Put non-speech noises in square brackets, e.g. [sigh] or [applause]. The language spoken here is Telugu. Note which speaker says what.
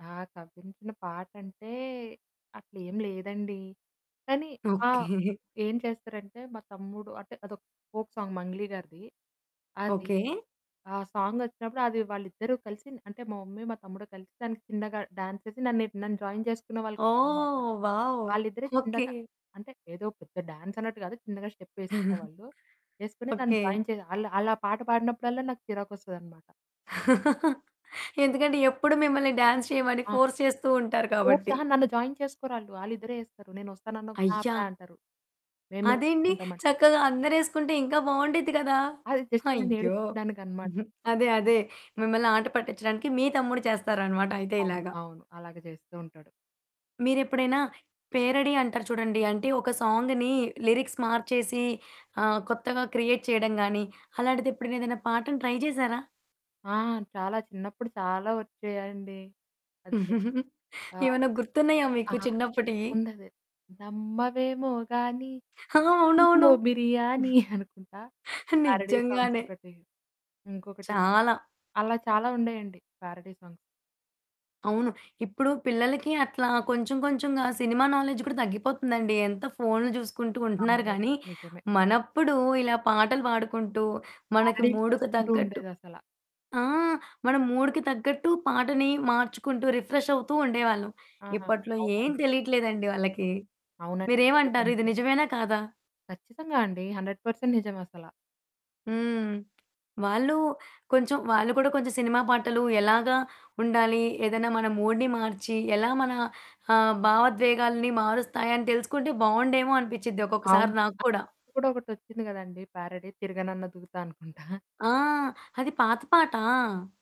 Speaker 1: ఆ! కవ్వించిన పాటంటే అట్లేం లేదండి. కానీ, ఆహ్,
Speaker 2: ఓకే.
Speaker 1: ఏం చేస్తారంటే మా తమ్ముడు అంటే, అదొక ఫోక్ సాంగ్ 'మంగ్లీ' గారిది. అది.
Speaker 2: ఓకే.
Speaker 1: ఆ సాంగొచ్చినప్పుడు అది వాళ్ళిద్దరూ కలిసి అంటే, మా మమ్మీ, మా తమ్ముడు కలిసి దానికి చిన్నగా డాన్స్ యేసి నన్నె నన్ను జాయిన్ జేసుకునే వాళ్ళు కాదనమాట.
Speaker 2: ఓహ్! వావ్!
Speaker 1: వాళ్ళిద్దరే
Speaker 2: ఓకే.
Speaker 1: చిన్నగా. అంటే, ఏదో పెద్ద డాన్స్ అన్నట్టు గాదు, చిన్నగా స్టెప్పేసుకునే
Speaker 2: [chuckles]
Speaker 1: వాళ్ళు. వేసుకొని నన్ను
Speaker 2: ఓకే.
Speaker 1: జాయిన్ చేయగా ఆళ్ళు, ఆళ్ళా పాట పాడినప్పుడల్లా నాకు చిరాకొస్తదనమాట.
Speaker 2: [chuckles] ఎందుకంటే, ఎప్పుడు మిమ్మల్ని డాన్స్ చేయమని
Speaker 1: ఆ!
Speaker 2: ఫోర్స్ చేస్తూంటారు
Speaker 1: ఫోర్స్‌
Speaker 2: కాబట్టి.
Speaker 1: అహా, నన్ను జాయిన్ చేసుకోరాళ్ళు. వాళ్ళిద్దరే ఏస్తారు. నేనొస్తానన్నా పా
Speaker 2: అయ్యా!
Speaker 1: పా అంటారు. మేమే
Speaker 2: అదేండి
Speaker 1: ఏసుకుంటామంటారు.
Speaker 2: చక్కగా అందరేసుకుంటే, ఇంకా బావుండిద్ది గదా!
Speaker 1: అది జస్ట్ నన్ను
Speaker 2: అయ్యో!
Speaker 1: ఏడిపిచ్చడానికమాట.
Speaker 2: [giggles] అదే. అదే. మిమ్మల్ని ఆట పట్టిచ్చడానికి, మీ తమ్ముడు చేస్తారనమాట అయితే
Speaker 1: అవును.
Speaker 2: ఇలాగా.
Speaker 1: అవును. అలాగ జేస్తూ ఉంటాడు.
Speaker 2: మీరెప్పుడైనా పేరడి అంటారు చూడండి, అంటే ఒక సాంగ్‌ని లిరిక్స్ మార్చేసి ఆహ్, కొత్తగా క్రియేట్ చేయడం గాని, అలాంటిదెప్పుడైనా, ఏదన్నా పాటను ట్రై జేశారా?
Speaker 1: ఆ! చాలా చిన్నప్పుడు చాలా ఒచ్చేయండి అంతే.
Speaker 2: [chuckles]
Speaker 1: ఆ!
Speaker 2: ఏవన్నా గుర్తున్నయా
Speaker 1: ఆ!
Speaker 2: మీకు చిన్నప్పటియి?
Speaker 1: ఉన్నదే, నమ్మవేమో గానీ,
Speaker 2: హా! అవునవును.
Speaker 1: పక్కింట్లో బిర్యానీ అనుకుంటా పేరడీ సాంగ్స్
Speaker 2: నిజంగానే.
Speaker 1: ఒకటి. ఇంకొకటి,
Speaker 2: చాలా.
Speaker 1: అలా చాలా ఉండేయండి పేరడీ సాంగ్స్.
Speaker 2: అవును. ఇప్పుడు పిల్లలకి అట్లా కొంచెం, కొంచెంగా సినిమా నాలెడ్జ్ కూడా దగ్గిపోతుందండి. ఎంత ఫోన్లు జూసుకుంటూ ఉంటున్నారు
Speaker 1: అవునండి.
Speaker 2: గాని,
Speaker 1: నిజమే.
Speaker 2: మనప్పుడు ఇలా పాటలు పాడుకుంటూ, మనకి
Speaker 1: పేరడీలు
Speaker 2: మూడుకి
Speaker 1: చేసుకుంటూ
Speaker 2: తగ్గట్టు,
Speaker 1: ఉండేదసలా.
Speaker 2: ఆ! మనం మూడుకి తగ్గట్టు పాటని మార్చుకుంటూ రిఫ్రెష్ అవుతుండేవాళ్ళం.
Speaker 1: ఆ!
Speaker 2: ఇప్పట్లో ఏం
Speaker 1: అవునండి.
Speaker 2: తెలియట్లేదండి వాళ్ళకి.
Speaker 1: అవునండి. మీరు
Speaker 2: మీరేవంటారు
Speaker 1: చెప్పింది
Speaker 2: ఇది
Speaker 1: నిజమే.
Speaker 2: నిజమేనా? కాదా?
Speaker 1: ఖచ్చితంగా అండి. 100% నిజమసలా.
Speaker 2: హ్మ్. వాళ్ళు కొంచెం, వాళ్ళు గూడా కొంచెం సినిమా పాటలు ఎలాగా ఉండాలి? ఏదన్నా మన మూడ్‌ని మార్చి, ఎలా మన ఆహ్, భావోద్వేగాల్ని మారుస్తాయని తెలుసుకుంటే బావుండేమో అనిపిచ్చిద్ది ఒక్కొక్కసారి
Speaker 1: అవును.
Speaker 2: నాకు కూడా.
Speaker 1: ఇది కూడా ఒకటొచ్చింది గదండీ! పేరడీ, 'తిరగనన్న దూకుతా' అనుకుంటా.
Speaker 2: ఆ! అది పాత పాట.